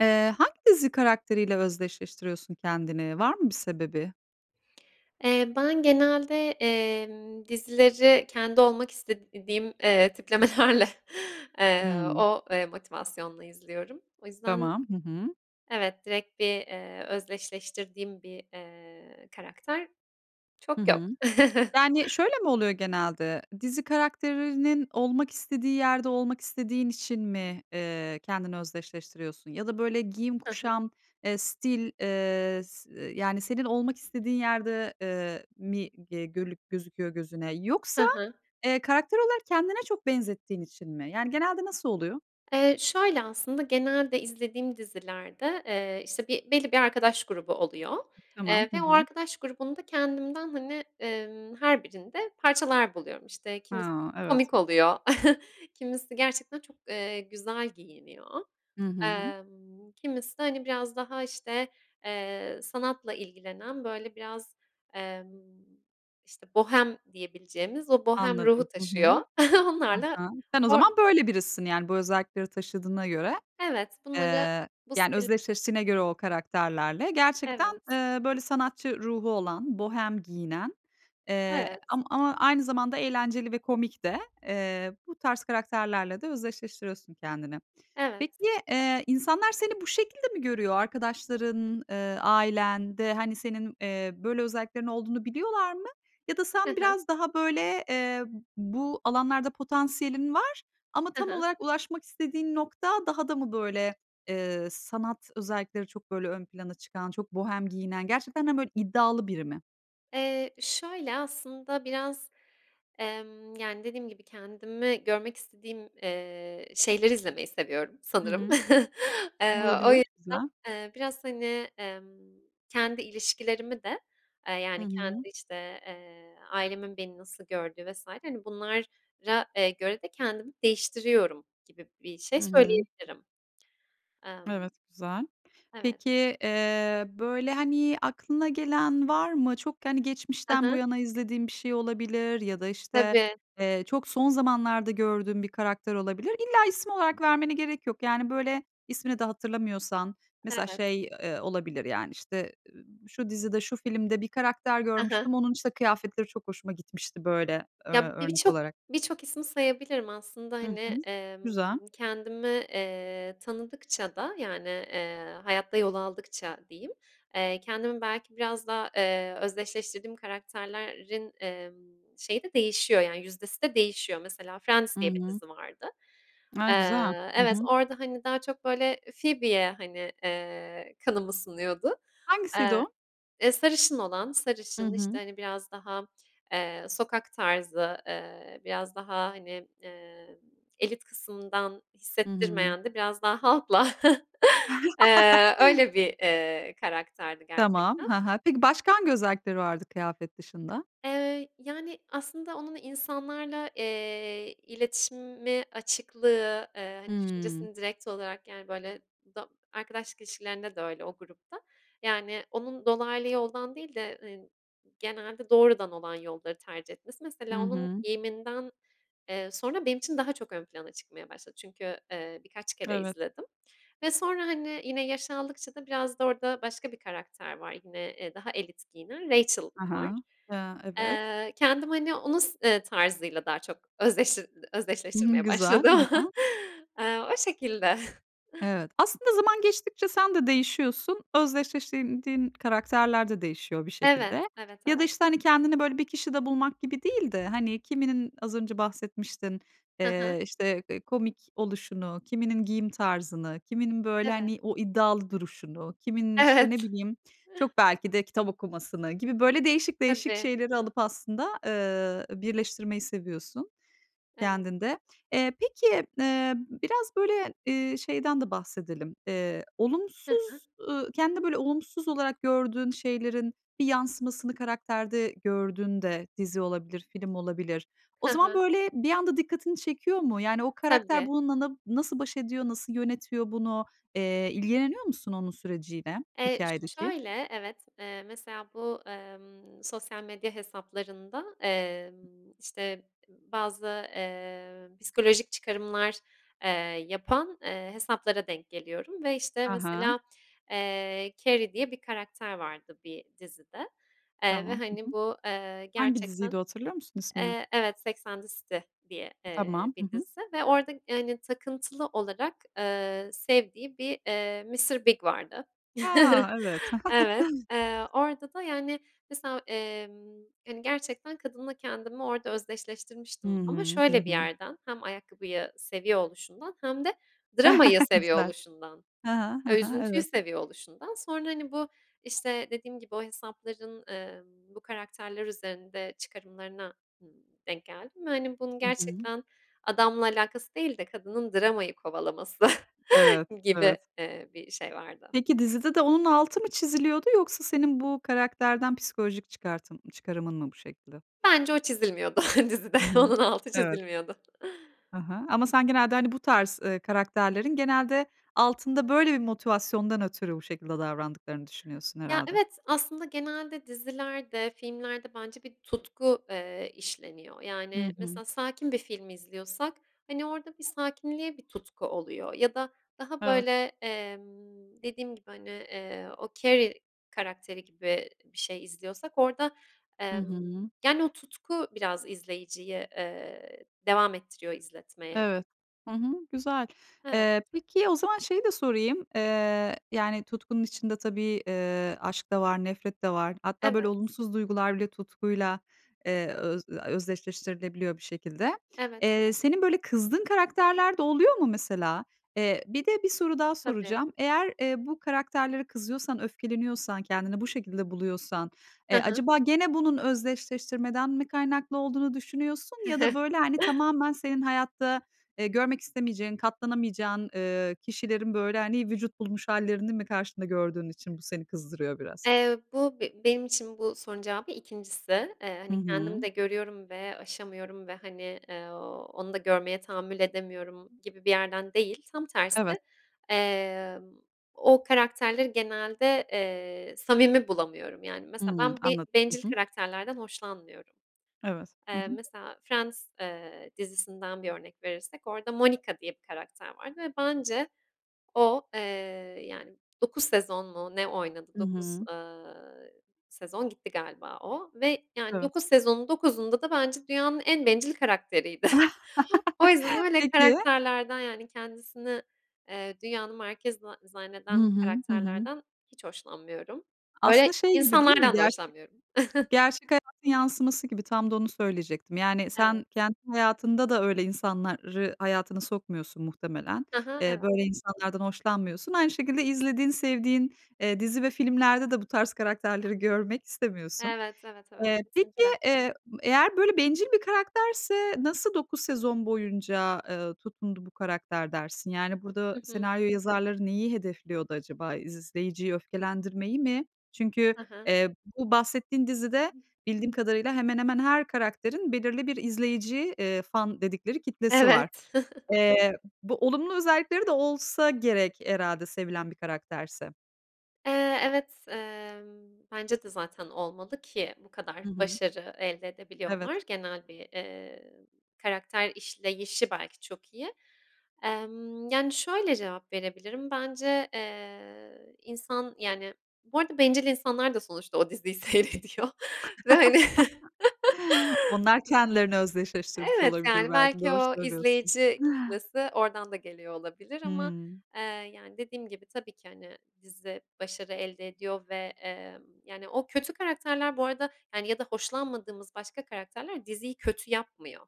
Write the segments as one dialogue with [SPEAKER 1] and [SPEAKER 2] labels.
[SPEAKER 1] Eee, hangi dizi karakteriyle özdeşleştiriyorsun kendini? Var mı bir sebebi?
[SPEAKER 2] Eee, ben genelde, emm, dizileri kendi olmak istediğim, eee, tiplemelerle, eee,
[SPEAKER 1] Hı.
[SPEAKER 2] o, eee, motivasyonla izliyorum. O yüzden
[SPEAKER 1] Tamam, hı hı.
[SPEAKER 2] evet, direkt bir, eee, özdeşleştirdiğim bir, eee, karakter
[SPEAKER 1] Hı
[SPEAKER 2] çok yok.
[SPEAKER 1] hı. Yani şöyle mi oluyor genelde? Dizi karakterinin olmak istediği yerde olmak istediğin için mi, ııı, kendini özdeşleştiriyorsun? Ya da böyle giyim,
[SPEAKER 2] Hı hı.
[SPEAKER 1] kuşam, eee, stil, eee, s eee, yani senin olmak istediğin yerde, eee, mi ge gölük gözüküyor gözüne?
[SPEAKER 2] Hı
[SPEAKER 1] Yoksa,
[SPEAKER 2] hı.
[SPEAKER 1] eee, karakter olarak kendine çok benzettiğin için mi? Yani genelde nasıl oluyor?
[SPEAKER 2] Eee, şöyle aslında, genelde izlediğim dizilerde, eee, işte bir belli bir arkadaş grubu oluyor,
[SPEAKER 1] Tamam.
[SPEAKER 2] eee,
[SPEAKER 1] Hı
[SPEAKER 2] ve o
[SPEAKER 1] hı.
[SPEAKER 2] arkadaş grubunda kendimden hani, emm, her birinde parçalar buluyorum. İşte kimisi
[SPEAKER 1] Ha, evet.
[SPEAKER 2] komik oluyor, kimisi gerçekten çok, eee, güzel giyiniyor.
[SPEAKER 1] Hı hı.
[SPEAKER 2] Emm, kimisi de hani biraz daha işte, eee, sanatla ilgilenen böyle biraz, emm, işte bohem diyebileceğimiz o bohem
[SPEAKER 1] Anladım.
[SPEAKER 2] ruhu
[SPEAKER 1] Hı hı.
[SPEAKER 2] taşıyor.
[SPEAKER 1] Hı
[SPEAKER 2] Onlarla.
[SPEAKER 1] hı, sen o
[SPEAKER 2] O
[SPEAKER 1] zaman böyle birisisin yani bu özellikleri taşıdığına göre.
[SPEAKER 2] Evet bunları
[SPEAKER 1] Eee,
[SPEAKER 2] bu
[SPEAKER 1] yani
[SPEAKER 2] stil
[SPEAKER 1] özdeşleştiğine göre o karakterlerle gerçekten,
[SPEAKER 2] Evet.
[SPEAKER 1] ııı, böyle sanatçı ruhu olan, bohem giyinen, eee,
[SPEAKER 2] Evet.
[SPEAKER 1] am ama aynı zamanda eğlenceli ve komik de, eee, bu tarz karakterlerle de özdeşleştiriyorsun kendini.
[SPEAKER 2] Evet.
[SPEAKER 1] Peki, eee, insanlar seni bu şekilde mi görüyor? Arkadaşların, ııı, ailen de hani senin, eee, böyle özelliklerin olduğunu biliyorlar mı? Ya da
[SPEAKER 2] Hı
[SPEAKER 1] sen
[SPEAKER 2] hı.
[SPEAKER 1] biraz daha böyle, eee, b bu alanlarda potansiyelin var ama
[SPEAKER 2] Hı
[SPEAKER 1] tam
[SPEAKER 2] hı.
[SPEAKER 1] olarak ulaşmak istediğin nokta daha da mı böyle, ııı, sanat özellikleri çok böyle ön plana çıkan, çok bohem giyinen, gerçekten de böyle iddialı biri mi?
[SPEAKER 2] Eee, şöyle aslında biraz, emm, yani dediğim gibi kendimi görmek istediğim, eee, şeyleri izlemeyi seviyorum
[SPEAKER 1] Hı
[SPEAKER 2] sanırım.
[SPEAKER 1] hı.
[SPEAKER 2] Eee, o
[SPEAKER 1] Olabilir,
[SPEAKER 2] yüzden,
[SPEAKER 1] güzel.
[SPEAKER 2] eee, biraz hani, emm, kendi ilişkilerimi de, aaa,
[SPEAKER 1] Hı
[SPEAKER 2] yani kendi
[SPEAKER 1] hı.
[SPEAKER 2] işte, eee, ailemin beni nasıl gördüğü vs. hani bunlara, eee, göre de kendimi değiştiriyorum gibi bir şey
[SPEAKER 1] Hı hı.
[SPEAKER 2] söyleyebilirim. Emm
[SPEAKER 1] Evet, güzel.
[SPEAKER 2] Evet.
[SPEAKER 1] Peki, eee, böyle hani aklına gelen var mı? Çok hani
[SPEAKER 2] Hı
[SPEAKER 1] geçmişten bu
[SPEAKER 2] hı.
[SPEAKER 1] yana izlediğin bir şey olabilir ya da işte,
[SPEAKER 2] Tabii.
[SPEAKER 1] eee, çok son zamanlarda gördüğün bir karakter olabilir. İlla isim olarak
[SPEAKER 2] [unintelligible]
[SPEAKER 1] vermene gerek yok. Yani böyle ismini de hatırlamıyorsan mesela
[SPEAKER 2] Evet.
[SPEAKER 1] şey, eee, olabilir yani işte, ııı, şu dizide, şu filmde bir karakter
[SPEAKER 2] Hı hı.
[SPEAKER 1] görmüştüm. Onun işte kıyafetleri çok hoşuma gitmişti böyle ö
[SPEAKER 2] Ya biri
[SPEAKER 1] örnek
[SPEAKER 2] çok,
[SPEAKER 1] olarak.
[SPEAKER 2] birçok ismi sayabilirim aslında
[SPEAKER 1] Hı
[SPEAKER 2] hani,
[SPEAKER 1] hı.
[SPEAKER 2] emm,
[SPEAKER 1] Güzel.
[SPEAKER 2] kendimi, eee, tanıdıkça da yani, eee, hayatta yol aldıkça diyeyim, eee, kendimi belki biraz daha, eee, özdeşleştirdiğim karakterlerin, emm, şeyi de değişiyor yani yüzdesi de değişiyor. Mesela Friends
[SPEAKER 1] Hı
[SPEAKER 2] diye bir
[SPEAKER 1] hı.
[SPEAKER 2] dizi vardı.
[SPEAKER 1] A, güzel.
[SPEAKER 2] Eee,
[SPEAKER 1] Hı
[SPEAKER 2] evet
[SPEAKER 1] hı.
[SPEAKER 2] orada hani daha çok böyle Phoebe'ye hani, eee, kanım ısınıyordu.
[SPEAKER 1] Hangisiydi
[SPEAKER 2] Iıı,
[SPEAKER 1] o?
[SPEAKER 2] eee, sarışın olan,
[SPEAKER 1] Hı
[SPEAKER 2] sarışın işte
[SPEAKER 1] hı.
[SPEAKER 2] hani biraz daha, eee, sokak tarzı, eee, biraz daha hani, ııı, elit kısımdan
[SPEAKER 1] Hı hı.
[SPEAKER 2] hissettirmeyen de biraz daha halkla, ııı, öyle bir, ııı, karakterdi
[SPEAKER 1] Tamam,
[SPEAKER 2] gerçekten.
[SPEAKER 1] hı hı. Peki başka hangi özellikleri vardı kıyafet dışında?
[SPEAKER 2] Eee, yani aslında onun insanlarla, eee, iletişimi, açıklığı, eee, hani
[SPEAKER 1] Hı.
[SPEAKER 2] düşüncesini direkt olarak yani böyle do arkadaşlık ilişkilerinde de öyle o grupta. Yani onun dolaylı yoldan değil de, ııı, genelde doğrudan olan yolları tercih etmesi.
[SPEAKER 1] Hı
[SPEAKER 2] Mesela onun
[SPEAKER 1] hı.
[SPEAKER 2] giyiminden, eee, sonra benim için daha çok ön plana çıkmaya başladı çünkü, ııı, birkaç kere
[SPEAKER 1] Evet.
[SPEAKER 2] izledim ve sonra hani, yine yaş aldıkça da biraz da orada başka bir karakter var. Yine, eee, daha elit giyinen Rachel
[SPEAKER 1] Ha
[SPEAKER 2] var.
[SPEAKER 1] ha, ııı, evet.
[SPEAKER 2] Eee, kendim hani onun s, eee, tarzıyla daha çok özleşti
[SPEAKER 1] Hı hı
[SPEAKER 2] özdeşleştirmeye
[SPEAKER 1] güzel, hı
[SPEAKER 2] başladım.
[SPEAKER 1] hı.
[SPEAKER 2] Eee, o şekilde.
[SPEAKER 1] Evet. Aslında zaman geçtikçe sen de değişiyorsun. Özdeşleştirdiğin diğin karakterler de değişiyor bir
[SPEAKER 2] Evet,
[SPEAKER 1] şekilde.
[SPEAKER 2] evet,
[SPEAKER 1] Ya da
[SPEAKER 2] evet.
[SPEAKER 1] işte hani kendini böyle bir kişide bulmak gibi değil de, hani, kiminin az önce bahsetmiştin,
[SPEAKER 2] Hı hı.
[SPEAKER 1] eee, işte, eee, komik oluşunu, kiminin giyim tarzını, kiminin böyle
[SPEAKER 2] Evet.
[SPEAKER 1] hani o iddialı duruşunu, kiminin işte ne
[SPEAKER 2] Evet.
[SPEAKER 1] bileyim çok belki de kitap okumasını gibi böyle değişik değişik
[SPEAKER 2] Tabii.
[SPEAKER 1] şeyleri alıp aslında, ııı, birleştirmeyi seviyorsun
[SPEAKER 2] Evet.
[SPEAKER 1] kendinde. Eee, peki, ııı, biraz böyle, eee, şeyden de bahsedelim. Eee,
[SPEAKER 2] Hı hı.
[SPEAKER 1] olumsuz, ııı, kendinde böyle olumsuz olarak gördüğün şeylerin bir yansımasını karakterde gördüğünde, dizi olabilir, film olabilir, o
[SPEAKER 2] Hı
[SPEAKER 1] zaman
[SPEAKER 2] hı.
[SPEAKER 1] böyle bir anda dikkatini çekiyor mu? Yani o karakter
[SPEAKER 2] Tabii.
[SPEAKER 1] bununla na nasıl baş ediyor, nasıl yönetiyor bunu? Eee, ilgileniyor musun onun süreciyle
[SPEAKER 2] Eee, ş
[SPEAKER 1] hikâyedeki?
[SPEAKER 2] şöyle evet, eee, mesela bu, emm, sosyal medya hesaplarında, emm, işte bazı, eee, psikolojik çıkarımlar, eee, yapan, eee, hesaplara denk geliyorum ve işte
[SPEAKER 1] Ha ha.
[SPEAKER 2] mesela, eee, Carrie diye bir karakter vardı bir dizide, eee, ve
[SPEAKER 1] Tamam. Hı
[SPEAKER 2] hani
[SPEAKER 1] hı.
[SPEAKER 2] bu, eee,
[SPEAKER 1] Hangi diziydi
[SPEAKER 2] gerçekten
[SPEAKER 1] o hatırlıyor musun ismini?
[SPEAKER 2] Eee, evet, Sex and the City diye, eee,
[SPEAKER 1] Tamam, hı
[SPEAKER 2] bir
[SPEAKER 1] hı.
[SPEAKER 2] dizi ve orada hani takıntılı olarak, ııı, sevdiği bir, ııı, Mr. Big vardı.
[SPEAKER 1] A, evet!
[SPEAKER 2] Evet, eee, orada da yani mesela, emm, hani gerçekten kadınla kendimi orada
[SPEAKER 1] Hı
[SPEAKER 2] özdeşleştirmiştim. Ama
[SPEAKER 1] hı, hı
[SPEAKER 2] şöyle bir
[SPEAKER 1] hı.
[SPEAKER 2] yerden, hem ayakkabıyı seviyor oluşundan hem de dramayı seviyor
[SPEAKER 1] Güzel.
[SPEAKER 2] oluşundan,
[SPEAKER 1] Ha ha. Ha ha,
[SPEAKER 2] üzüntüyü
[SPEAKER 1] evet.
[SPEAKER 2] seviyor oluşundan sonra hani, bu, işte dediğim gibi o hesapların, ımm, bu karakterler üzerinde çıkarımlarına, ııı, denk geldim ve hani bunun
[SPEAKER 1] Hı hı.
[SPEAKER 2] gerçekten adamla alakası değil de kadının dramayı kovalaması
[SPEAKER 1] Evet,
[SPEAKER 2] gibi,
[SPEAKER 1] evet.
[SPEAKER 2] eee, bir şey vardı.
[SPEAKER 1] Peki dizide de onun altı mı çiziliyordu yoksa senin bu karakterden psikolojik çıkartım çıkarımın mı bu şekilde?
[SPEAKER 2] Bence o çizilmiyordu dizide,
[SPEAKER 1] Hı hı.
[SPEAKER 2] onun altı
[SPEAKER 1] Evet.
[SPEAKER 2] çizilmiyordu.
[SPEAKER 1] Hı hı, ama sen genelde hani bu tarz, ııı, karakterlerin genelde altında böyle bir motivasyondan ötürü bu şekilde davrandıklarını düşünüyorsun
[SPEAKER 2] Ya,
[SPEAKER 1] herhâlde?
[SPEAKER 2] evet aslında genelde dizilerde, filmlerde bence bir tutku, eee, işleniyor.
[SPEAKER 1] Hı
[SPEAKER 2] Yani
[SPEAKER 1] hı.
[SPEAKER 2] mesela sakin bir film izliyorsak hani orada bir sakinliğe bir tutku oluyor. Ya da daha
[SPEAKER 1] Evet.
[SPEAKER 2] böyle, emm, dediğim gibi hani, eee, o Carrie karakteri gibi bir şey izliyorsak orada,
[SPEAKER 1] Hı
[SPEAKER 2] emm,
[SPEAKER 1] hı.
[SPEAKER 2] yani o tutku biraz izleyiciyi, eee, devam ettiriyor izletmeye.
[SPEAKER 1] Evet. Hı hı, güzel.
[SPEAKER 2] Evet.
[SPEAKER 1] Eee, peki o zaman şeyi de sorayım, eee, yani tutkunun içinde tabii, ııı, aşk da var nefret de var. Hatta böyle
[SPEAKER 2] Evet.
[SPEAKER 1] olumsuz duygular bile tutkuyla, ııı, öz eee, özdeşleştirilebiliyor bir şekilde.
[SPEAKER 2] Evet, evet.
[SPEAKER 1] Eee, senin böyle kızdığın karakterler de oluyor mu mesela? Eee, bir de bir soru daha
[SPEAKER 2] Tabii.
[SPEAKER 1] soracağım. Eğer, eee, bu karakterlere kızıyorsan, öfkeleniyorsan, kendini bu şekilde buluyorsan,
[SPEAKER 2] Hı
[SPEAKER 1] eee,
[SPEAKER 2] hı.
[SPEAKER 1] acaba gene bunun özdeşleştirmeden mi kaynaklı olduğunu düşünüyorsun? Ya da böyle, hani, tamamen senin hayatta, eee, görmek istemeyeceğin, katlanamayacağın, ııı, kişilerin böyle hani vücut bulmuş hâllerini mi karşında gördüğün için bu seni kızdırıyor biraz?
[SPEAKER 2] Eee, bu be benim için bu sorunun cevabı 2'ncisi. Eee,
[SPEAKER 1] Hı
[SPEAKER 2] hani
[SPEAKER 1] hı.
[SPEAKER 2] kendim de görüyorum ve aşamıyorum ve hani, eee, onu da görmeye tahammül edemiyorum gibi bir yerden değil. Tam
[SPEAKER 1] Evet.
[SPEAKER 2] tersi, eee, o karakterleri genelde, eee, samimi bulamıyorum. Yani
[SPEAKER 1] Hı
[SPEAKER 2] mesela
[SPEAKER 1] hı.
[SPEAKER 2] ben bir
[SPEAKER 1] Anladım,
[SPEAKER 2] bencil
[SPEAKER 1] hı hı.
[SPEAKER 2] karakterlerden hoşlanmıyorum.
[SPEAKER 1] Evet. Hı
[SPEAKER 2] Eee,
[SPEAKER 1] hı.
[SPEAKER 2] mesela Friends, eee, dizisinden 1 örnek verirsek orada Monica diye bir karakter vardı ve bence o, eee, yani 9 sezon mu ne oynadı.
[SPEAKER 1] Hı
[SPEAKER 2] 9,
[SPEAKER 1] hı.
[SPEAKER 2] ııı, sezon gitti galiba o ve yani
[SPEAKER 1] Evet.
[SPEAKER 2] 9 sezonun 9'unda da bence dünyanın en bencil karakteriydi. O yüzden öyle
[SPEAKER 1] Peki.
[SPEAKER 2] karakterlerden yani, kendisini, eee, dünyanın merkezi za
[SPEAKER 1] Hı
[SPEAKER 2] zanneden
[SPEAKER 1] hı. Hı hı.
[SPEAKER 2] karakterlerden hiç hoşlanmıyorum.
[SPEAKER 1] Aslında
[SPEAKER 2] Öyle
[SPEAKER 1] şey gibi değil mi
[SPEAKER 2] insanlardan da
[SPEAKER 1] gerçe
[SPEAKER 2] hoşlanmıyorum.
[SPEAKER 1] gerçek hayatın yansıması gibi. Tam da onu söyleyecektim. Yani
[SPEAKER 2] Evet.
[SPEAKER 1] sen kendi hayatında da öyle insanları hayatını sokmuyorsun muhtemelen.
[SPEAKER 2] Hı hı,
[SPEAKER 1] Eee,
[SPEAKER 2] evet.
[SPEAKER 1] böyle insanlardan hoşlanmıyorsun. Aynı şekilde izlediğin, sevdiğin, eee, dizi ve filmlerde de bu tarz karakterleri görmek istemiyorsun.
[SPEAKER 2] Evet, evet, evet
[SPEAKER 1] Eee, peki,
[SPEAKER 2] kesinlikle.
[SPEAKER 1] eee, eğer böyle bencil bir karakterse nasıl 9 sezon boyunca, ııı, tutundu bu karakter dersin? Yani burada
[SPEAKER 2] Hı hı.
[SPEAKER 1] senaryo yazarları neyi hedefliyordu acaba? İzleyiciyi öfkelendirmeyi mi? Çünkü,
[SPEAKER 2] Hı hı.
[SPEAKER 1] eee, bu bahsettiğin dizide bildiğim kadarıyla hemen hemen her karakterin belirli bir izleyici, eee, fan dedikleri kitlesi var.
[SPEAKER 2] Evet.
[SPEAKER 1] Eee, bu olumlu özellikleri de olsa gerek herhâlde sevilen bir karakterse.
[SPEAKER 2] Eee, evet, emm, bence de, zaten, olmalı ki bu kadar
[SPEAKER 1] Hı hı.
[SPEAKER 2] başarı elde
[SPEAKER 1] Evet.
[SPEAKER 2] edebiliyorlar, genel bir, eee, karakter işleyişi, belki, çok iyi. Emm, yani, şöyle cevap verebilirim. Bence, eee, insan, yani, bu arada, bencil insanlar da sonuçta o diziyi seyrediyor ve, hani,
[SPEAKER 1] Onlar kendilerini özdeşleştirmiş
[SPEAKER 2] evet,
[SPEAKER 1] olabilir,
[SPEAKER 2] yani,
[SPEAKER 1] belki,
[SPEAKER 2] belki,
[SPEAKER 1] doğru
[SPEAKER 2] o
[SPEAKER 1] söylüyorsun.
[SPEAKER 2] izleyici kitlesi oradan da geliyor olabilir ama,
[SPEAKER 1] Hımm.
[SPEAKER 2] eee, yani, dediğim gibi tabii ki, hani, dizi başarı elde ediyor ve, emm, yani, o kötü karakterler, bu arada, ya da hoşlanmadığımız başka karakterler diziyi kötü yapmıyor.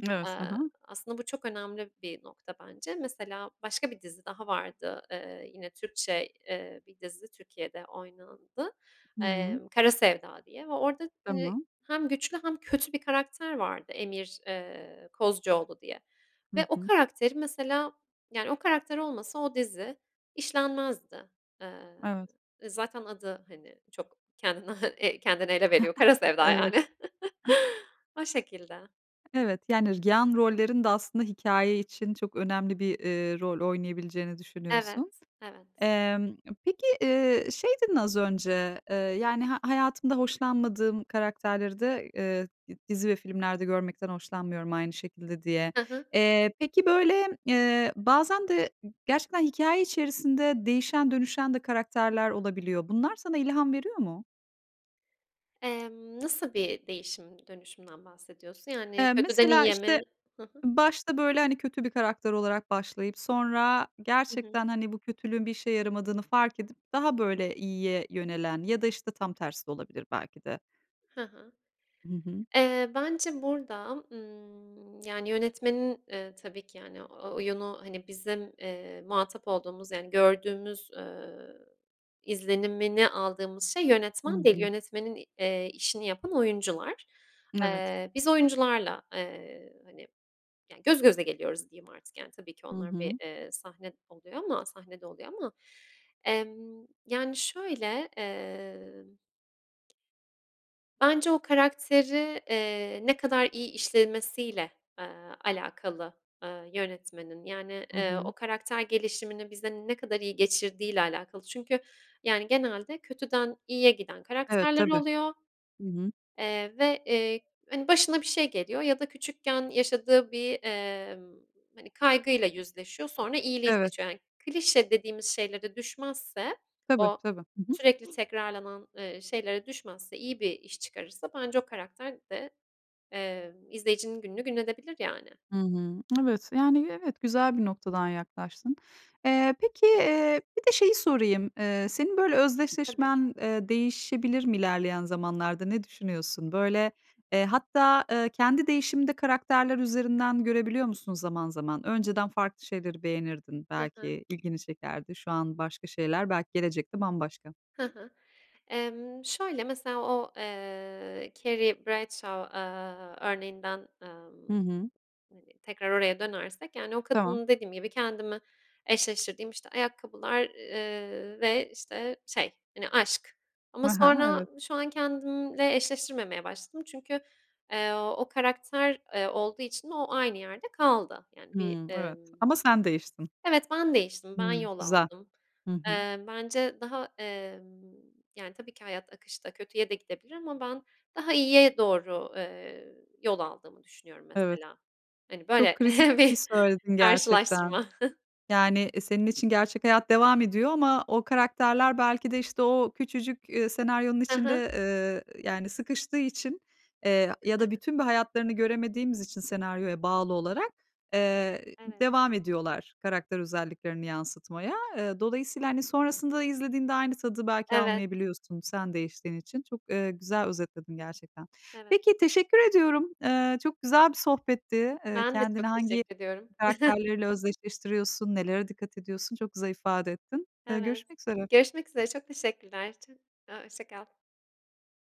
[SPEAKER 1] Evet, ha
[SPEAKER 2] Aaa,
[SPEAKER 1] ha.
[SPEAKER 2] aslında bu çok önemli bir nokta, bence. Mesela, başka bir dizi daha vardı. Iıı, yine Türkçe, eee, 1 dizi Türkiye'de oynandı.
[SPEAKER 1] Hı
[SPEAKER 2] Eee,
[SPEAKER 1] hı.
[SPEAKER 2] "Kara Sevda" diye ve orada, hani,
[SPEAKER 1] Tamam.
[SPEAKER 2] hem güçlü hem kötü bir karakter vardı, Emir, eee, Kozcuoğlu diye. Ve
[SPEAKER 1] Hı
[SPEAKER 2] o
[SPEAKER 1] hı.
[SPEAKER 2] karakteri, mesela, yani, o karakter olmasa o dizi işlenmezdi. Eee,
[SPEAKER 1] Evet.
[SPEAKER 2] zaten adı, hani, çok kendini kendini ele veriyor, "Kara Sevda,"
[SPEAKER 1] Evet.
[SPEAKER 2] yani. O şekilde.
[SPEAKER 1] Evet, yani, yan rollerin de aslında hikâye için çok önemli bir, eee, bir rol oynayabileceğini
[SPEAKER 2] Evet
[SPEAKER 1] düşünüyorsun.
[SPEAKER 2] evet.
[SPEAKER 1] Emm, peki, eee, şey, dedin, az önce, eee, yani, "Ha hayatımda hoşlanmadığım karakterleri de, eee, d dizi ve filmlerde görmekten hoşlanmıyorum aynı şekilde," diye.
[SPEAKER 2] Hı hı.
[SPEAKER 1] Eee, peki, böyle, eee, bazen de gerçekten hikâye içerisinde değişen dönüşen de karakterler olabiliyor. Bunlar sana ilham veriyor mu?
[SPEAKER 2] Emm, nasıl bir değişim dönüşümden bahsediyorsun? Yani,
[SPEAKER 1] Eee,
[SPEAKER 2] kötüden
[SPEAKER 1] mesela,
[SPEAKER 2] iyiye mi?
[SPEAKER 1] işte,
[SPEAKER 2] Hı hı.
[SPEAKER 1] başta, böyle, hani, kötü bir karakter olarak başlayıp sonra
[SPEAKER 2] Hı hı.
[SPEAKER 1] gerçekten, hani, bu kötülüğün bir işe yaramadığını fark edip daha, böyle, iyiye yönelen ya da, işte, tam tersi de olabilir, belki de.
[SPEAKER 2] Hı hı.
[SPEAKER 1] Hı hı.
[SPEAKER 2] Eee, bence burada, ımm, yani, yönetmenin, ııı, tabii ki, yani, o oyunu, hani, bizim, eee, muhatap olduğumuz, yani, gördüğümüz, eee, izlenimini aldığımız şey
[SPEAKER 1] Hı
[SPEAKER 2] yönetmen değil,
[SPEAKER 1] hı.
[SPEAKER 2] yönetmenin i eee işini yapan oyuncular.
[SPEAKER 1] Evet.
[SPEAKER 2] Eee, biz oyuncularla, eee, hani, yani, göz göze geliyoruz, diyeyim artık, yani, tabii ki
[SPEAKER 1] Hı
[SPEAKER 2] onlar bir,
[SPEAKER 1] hı.
[SPEAKER 2] eee, sahne eee, oluyor ama sahnede oluyor ama. Emm, yani, şöyle, eee bence o karakteri, eee, ne kadar iyi işlemesiyle, aaa, alakalı, aaa, yönetmenin, yani,
[SPEAKER 1] Hı
[SPEAKER 2] eee, o
[SPEAKER 1] hı.
[SPEAKER 2] karakter gelişimini bize ne kadar iyi geçirdiğiyle alakalı çünkü, yani, genelde kötüden iyiye giden
[SPEAKER 1] Evet,
[SPEAKER 2] karakterler
[SPEAKER 1] tabii.
[SPEAKER 2] oluyor,
[SPEAKER 1] Hı hı.
[SPEAKER 2] eee, ve, eee, hani, başına bir şey geliyor ya da küçükken yaşadığı bir, emm, hani, kaygıyla yüzleşiyor, sonra iyiliği
[SPEAKER 1] Evet.
[SPEAKER 2] seçiyor. Hani, klişe dediğimiz şeylere düşmezse,
[SPEAKER 1] Tabii,
[SPEAKER 2] o
[SPEAKER 1] tabii. Hı hı.
[SPEAKER 2] sürekli tekrarlanan, eee, şeylere düşmezse, iyi bir iş çıkarırsa bence o karakter de, emm, izleyicinin gününü gün edebilir, yani.
[SPEAKER 1] Hı hı. Evet, yani, evet, güzel bir noktadan yaklaştın. Eee, peki, eee, bir de şeyi sorayım, eee, senin böyle
[SPEAKER 2] Tabii.
[SPEAKER 1] özdeşleşmen, eee, değişebilir mi ilerleyen zamanlarda? Ne düşünüyorsun, böyle, eee, hatta, eee, kendi değişimini de karakterler üzerinden görebiliyor musun zaman zaman? Önceden farklı şeyleri beğenirdin
[SPEAKER 2] Hı hı.
[SPEAKER 1] belki, ilgini çekerdi, şu an başka şeyler, belki, gelecekte bambaşka.
[SPEAKER 2] Hı hı, emm, şöyle, mesela, o, eee, Carrie Bradshaw, aaa, örneğinden,
[SPEAKER 1] Hı
[SPEAKER 2] ımm,
[SPEAKER 1] hı.
[SPEAKER 2] hani, tekrar oraya dönersek, yani, o
[SPEAKER 1] Tamam.
[SPEAKER 2] kadının, dediğim gibi, kendimi eşleştirdiğim, işte, ayakkabılar, eee, ve, işte, şey, hani, aşk ama
[SPEAKER 1] Ha ha,
[SPEAKER 2] sonra
[SPEAKER 1] evet.
[SPEAKER 2] şu an kendimle eşleştirmemeye başladım, çünkü, eee, o karakter, eee, olduğu için o aynı yerde kaldı. Yani, bir,
[SPEAKER 1] Hıı, evet,
[SPEAKER 2] emm,
[SPEAKER 1] ama sen değiştin.
[SPEAKER 2] evet, ben değiştim. Ben
[SPEAKER 1] Hıı,
[SPEAKER 2] yol
[SPEAKER 1] güzel.
[SPEAKER 2] aldım.
[SPEAKER 1] Hı hı.
[SPEAKER 2] Eee, bence daha, emm, yani, tabii ki hayat akışta kötüye de gidebilir ama ben daha iyiye doğru, eee, yol aldığımı düşünüyorum,
[SPEAKER 1] Evet.
[SPEAKER 2] mesela. Hani,
[SPEAKER 1] Çok
[SPEAKER 2] böyle
[SPEAKER 1] kritik bir şey
[SPEAKER 2] bir
[SPEAKER 1] söyledin gerçekten.
[SPEAKER 2] karşılaştırma.
[SPEAKER 1] Yani, eee, senin için gerçek hayat devam ediyor ama o karakterler belki de, işte, o küçücük, eee, senaryonun
[SPEAKER 2] Hı hı.
[SPEAKER 1] içinde, eee, yani, sıkıştığı için, eee, ya da bütün bir hayatlarını göremediğimiz için senaryoya bağlı olarak, eee,
[SPEAKER 2] Evet.
[SPEAKER 1] devam ediyorlar karakter özelliklerini yansıtmaya. Eee, dolayısıyla, hani, sonrasında izlediğinde aynı tadı belki
[SPEAKER 2] Evet.
[SPEAKER 1] almayabiliyorsun, sen değiştiğin için. Çok, eee, güzel özetledin gerçekten.
[SPEAKER 2] Evet.
[SPEAKER 1] Peki, teşekkür ediyorum. Eee, çok güzel bir sohbetti. Eee,
[SPEAKER 2] Ben de
[SPEAKER 1] kendini
[SPEAKER 2] çok
[SPEAKER 1] hangi
[SPEAKER 2] teşekkür ediyorum.
[SPEAKER 1] karakterleriyle özdeşleştiriyorsun, nelere dikkat ediyorsun, çok güzel ifade ettin. Eee,
[SPEAKER 2] Evet.
[SPEAKER 1] görüşmek üzere.
[SPEAKER 2] Görüşmek üzere, çok teşekkürler. Çok, aaa, hoşça kal.